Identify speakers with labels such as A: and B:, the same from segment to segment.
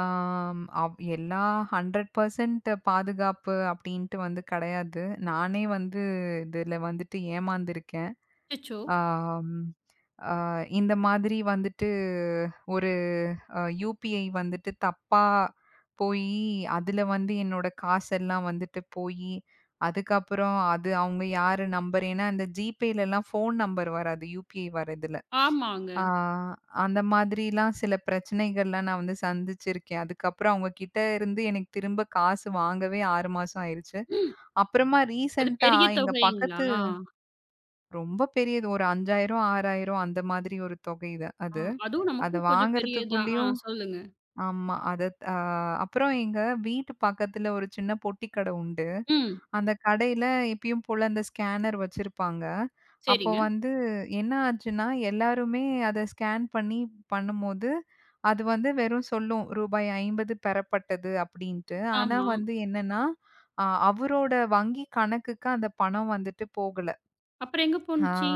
A: ஆ ம் எல்லா, hundred percent பாதுகாப்பு அப்டின்ட்டு வந்து கிடையாது. நானே வந்து, இதுல வந்துட்டு ஏமாந்திருக்கேன்.
B: அச்சசோ!
A: ஆம் ஆ இந்த மாதிரி வந்துட்டு ஒரு அ UPI வந்துட்டு தப்பா போயி, அதுல வந்து என்னோட காசெல்லாம் வந்துட்டு போயி, அதுக்கப்புறம் அது அவுங்க யாரு நம்பர் ஏன்னா அந்த Gpayலலாம் ஃபோன் நம்பர் வராது. UPI வர்றதுல.
B: ஆமாங்க.
A: அ அந்த மாதிரில்லாம் சில பிரச்சனைகள்லாம் நான் வந்து சந்திச்சிருக்கேன். அதுக்கப்புறம் அவுங்ககிட்ட இருந்து எனக்குத் திரும்பக் காசு வாங்கவே 6 மாசம் ஆயிருச்சு.
B: ம்.
A: அப்புறமா
B: அது
A: ரீசன்ட்டா
B: பெரிய
A: எங்க பக்கத்து
B: தொகைங்களா?
A: ரொம்ப பெரியது ஒரு 5,000 6,000 அந்த மாதிரி ஒரு தொகைது அது.
B: ம். அதும்
A: அதை
B: நமக்கும் கொஞ்சம் பெரியது தான். ஆ
A: வாங்குறதுக்குள்ளேயும்
B: சொல்லுங்க.
A: ஆமா. அதா தா அப்புறம் எங்க வீட்டு பக்கத்துல ஒரு சின்னப் பொட்டிக்கடை உண்டு.
B: ம்.
A: அந்தக் கடையில இப்பயும் போல அந்த ஸ்கேனர் வச்சிருப்பாங்க. அப்போ
B: சரிங்க.
A: வந்து என்ன ஆச்சுன்னா, எல்லாருமே அதை ஸ்கேன் பண்ணி பண்ணும்போது, அது வந்து வெறும் சொல்லும், "ரூபாய் 50 பெறப்பட்டது" அப்படின்ட்டு. ஆனா
B: ஆமா.
A: வந்து என்னான்னா, அ அவரோட வங்கி கணக்குக்கு அந்தப் பணம் வந்துட்டு போகலை.
B: அப்புறம் எங்க
A: ஆ,
B: போன்ச்சி?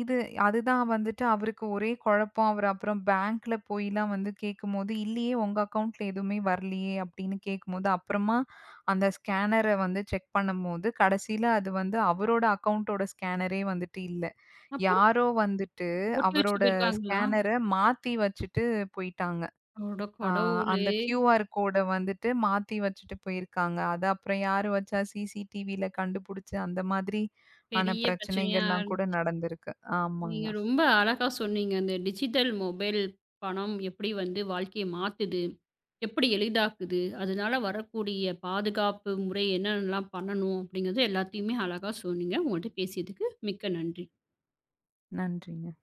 A: இது அது தான் வந்துட்டு அவருக்கு ஒரே கொழப்பம். அவரு அப்புறம் பேங்க்ல போய்லாம் வந்து கேக்கும்போது, "இல்லையே உங்க அக்கவுண்ட்ல எதுவுமே வரலையே:" அப்படின்னு கேக்கும்போது அப்புறமா அந்த ஸ்கேன்னர வந்து செக் பண்ணும்போது, கடைசியில அது வந்து அவரோட அக்கவுண்ட்டோட ஸ்கேனரே வந்துட்டு இல்ல.
B: அப்புறம்?
A: யாரோ வந்துட்டு
B: ஒட்டி வச்சுட்டு
A: அவரோட
B: போயிருக்காங்களா?
A: ஸ்கேனர மாத்தி வச்சிட்டு போயிட்டாங்க.
B: அட
A: அ
B: கடவுளே!
A: அந்தக் QR கோட வந்துட்டு மாத்தி வச்சிட்டு போயிருக்காங்க. அத அப்புறம் யாரு வச்சா CCTVல கண்டுபுடிச்சு, அந்த மாதிரி ஆன
B: பெரிய பிரச்சனையா?
A: பிரச்சனைகள்லாம்
B: ஆன்
A: கூட நடந்திருக்கு. ஆமாங்க.
B: நீங்க ரொம்ப அழகா சொன்னீங்க. "அந்த டிஜிட்டல் மொபைல் பணம் எப்படி வந்து வாழ்க்கைய மாத்துது? எப்படி எளிதாக்குது? அதுனால வரக்கூடிய பாதுகாப்பு முறை என்னான்னலாம் பண்ணணும்?" அப்படிங்குற எல்லாத்தையுமே அழகா சொன்னீங்க. உங்கள்ட்ட பேசியதுக்கு மிக்க நன்றி.
A: நன்றிங்க.